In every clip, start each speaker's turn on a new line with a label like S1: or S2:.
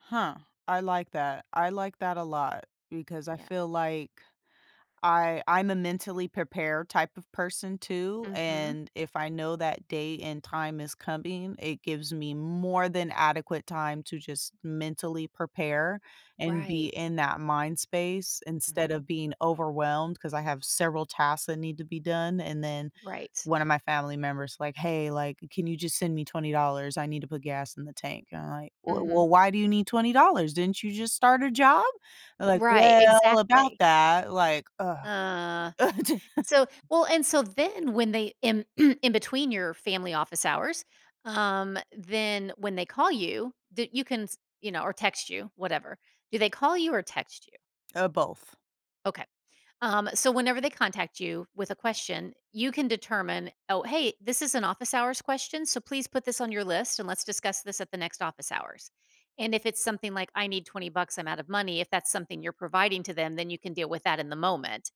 S1: Huh, I like that, I like that a lot, because I
S2: Yeah.
S1: feel like I I'm a mentally prepared type of person too,
S2: Mhm.
S1: and if I know that day and time is coming, it gives me more than adequate time to just mentally prepare, and be
S2: Right.
S1: in that mind space instead
S2: Mhm.
S1: of being overwhelmed, 'cause I have several tasks that need to be done, and then,
S2: Right.
S1: one of my family member's like, "Hey, like, can you just send me $20, I need to put gas in the tank," and I'm like, "W
S2: Mhm.
S1: well, why do you need $20? Didn't you just start a job?" Like,
S2: Right,
S1: "Well, about
S2: exactly.
S1: that" like, "Ugh."
S2: Uh,
S1: [unintelligible]
S2: so well and so then when they in in between your family, office hours, um, then when they call you, that you can s you know, or text you, whatever. Do they call you or text you?
S1: Uh, both.
S2: Okay. Um, so whenever they contact you with a question, you can determine, "Oh, hey, this is an office hours question, so please put this on your list and let's discuss this at the next office hours." And if it's something like, "I need 20 bucks; I'm out of money," if that's something you're providing to them, then you can deal with that in the moment.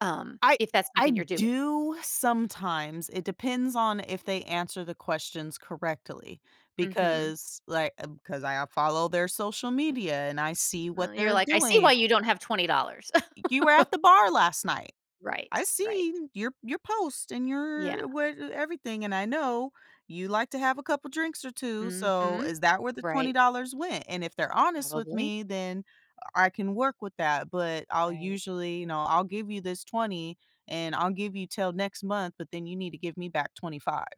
S2: Um,
S1: I
S2: if that's
S1: I
S2: something you're doing.
S1: do sometimes, it depends on if they answer the questions correctly,
S2: Mhm.
S1: because, like, I've 'cause I I follow their social media and I see
S2: Uh,
S1: what
S2: you're
S1: they're
S2: like, "I see why
S1: doing.
S2: you don't have $20."
S1: "You were at the bar last night.
S2: Right,
S1: I've
S2: right.
S1: seen your you post and
S2: Yeah.
S1: your what everything, and I know you like to have a couple drinks or 2, so
S2: Mhm,
S1: is that where the twenty
S2: right.
S1: dollars went?" And if they're honest with
S2: Probably.
S1: me, then I can work with that, but I'll
S2: Right.
S1: usually, you know, "I'll give you this $20 and I'll give you till next month, but then you need to give me back $25."